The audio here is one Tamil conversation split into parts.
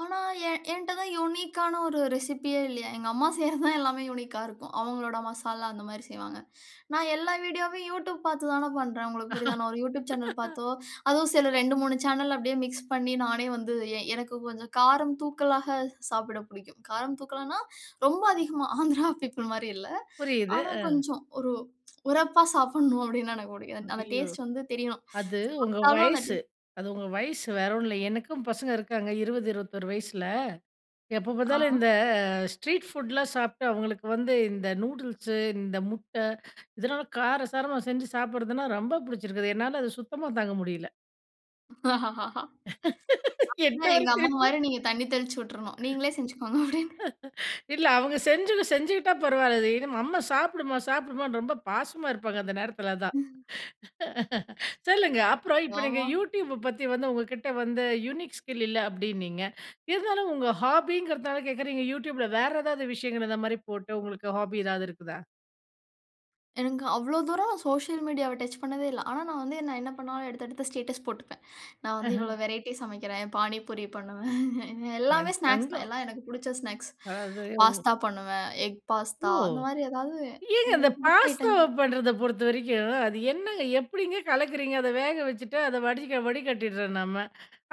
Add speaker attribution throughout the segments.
Speaker 1: ஆனா என் ஏன்ட்ட தான் யுனிக்கான ஒரு ரெசிபியே இல்லயே! எங்க அம்மா செய்யிறது தான் எல்லாமே யுனிக்கா இருக்கும். அவுங்களோட மசாலா அந்த மாதிரி செய்வாங்க. நான் எல்லா வீடியோவையும் Youtube பார்த்து தானே பண்றேன். உங்களுக்கு புரியுதான்னு, நான் ஒரு Youtube சேனல் பார்த்தோ! அதுவும் சில 2, 3 சேனல் அப்பிடியே மிக்ஸ் பண்ணி நானே வந்து எ எனக்கு கொஞ்சம் காரம் தூக்கலாக சாப்பிட புடிக்கும். காரம் தூக்கலான்னா ரொம்ப அதிகமா ஆந்திரா பீப்பிள் மாரி இல்ல.
Speaker 2: புரியுது.
Speaker 1: ஆனா
Speaker 2: அ.
Speaker 1: கொஞ்சம் ஒரு உரப்பா சாப்புட்ணும் அப்பிடின்னா எனக்கு பிடிக்கும். அந்த
Speaker 2: ஐயோ!
Speaker 1: டேஸ்ட் வந்து தெரியும்.
Speaker 2: அது உங்க
Speaker 1: சாப்பிட்டாலும் அந்த டே
Speaker 2: வயசு. அது உங்க வயசு. வேற ஒன்னும் இல்ல. எனக்கும் பசங்க இருக்காங்க 20, 21 வயசுல, எப்ப பார்த்தாலும் இந்த
Speaker 1: ஆ.
Speaker 2: ஸ்ட்ரீட் ஃபுட்லாம் சாப்ட்டு அவுங்களுக்கு வந்து, இந்த நூடுல்ஸ் இந்த முட்டை இதனால காரசாரமா செஞ்சு சாப்பிடுறதுனா ரொம்ப புடிச்சிருக்கு. என்னால அது சுத்தமா தாங்க முடியல.
Speaker 1: ஆமா.
Speaker 2: என்ன ஒரு
Speaker 1: எங்க
Speaker 2: சிரிப்பு!
Speaker 1: அம்மாமாரி நீங்க தண்ணீ தெளிச்சு விட்டுர்ணும். நீங்களே செஞ்சுக்கோங்க அப்பிடின்னு.
Speaker 2: இல்ல அவுங்க செஞ்சுது செஞ்சுக்கிட்டா பரவால்ல. இது அம்மா சாப்புடுமா! சாப்புடுமான்னு ரொம்ப பாசமா இருப்பாங்க. அந்த நேரத்துல தான்.
Speaker 1: ம்.
Speaker 2: சொல்லுங்க. அப்புறம் இப்ப நீங்க
Speaker 1: ஆமா.
Speaker 2: Youtube ப பத்தி வந்து, உங்கக்கிட்ட வந்து யுனிக் ஸ்கில் இல்ல அப்பிடின்னீங்க. இருந்தாலும் உங்க ஹாபிங்கறதனால கேக்குறீங்க Youtube ல வேற ஏதாவது விஷயங்கள் இந்த மாதிரி போட்டு உங்களுக்கு ஹாபி எதாவது இருக்குதா?
Speaker 1: எனக்கு அவ்ளோ தூரம் சோசியல் மீடியாவ டச் பண்ணதே இல்ல. ஆனா நான் வந்து நான் என்ன பண்ணாலும் எடுத்து எடுத்து ஸ்டேட்டஸ் போட்டுப்பேன். நான் வந்து
Speaker 2: அஹ.
Speaker 1: இவ்ளோ வெரைட்டி சமைக்கிறேன். பாணிபூரி பண்ணுவேன்
Speaker 2: என்
Speaker 1: எல்லாமே ஸ்நாக்ஸ் தான்.
Speaker 2: தங்கம்.
Speaker 1: எல்லாம் எனக்கு பிடிச்ச ஸ்நாக்ஸ்
Speaker 2: அதாவது ம்.
Speaker 1: பாஸ்தா பண்ணுவேன் எக்
Speaker 2: ஓ!
Speaker 1: பாஸ்தா அந்த மாதிரி ஏதாவது
Speaker 2: ஏங்க இந்த
Speaker 1: எனக்கு புடிச்ச
Speaker 2: பாஸ்தாவ
Speaker 1: ஐட்டங்கள்.
Speaker 2: பண்றத பொறுத்தவரைக்கும், அது என்னங்க எப்பிடிங்க கலக்குறீங்க? அத வேக வச்சுட்டு அத வடி வடிக்கட்டிர்றோம் நம்ம.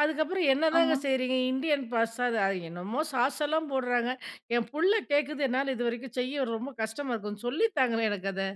Speaker 2: அதுக்கப்பறம் என்னதாங்க
Speaker 1: ஆமா.
Speaker 2: செய்றீங்க? இந்தியன் பாஸ்தா அது அ என்னமோ! சாஸ் எல்லாம் போட்றாங்க. என் புள்ள கேட்குது என்னால இதுவரைக்கும் செய்ய ரொம்ப கஷ்டமா இருக்கு. சொல்லி தாங்களேன்! எனக்கு அத.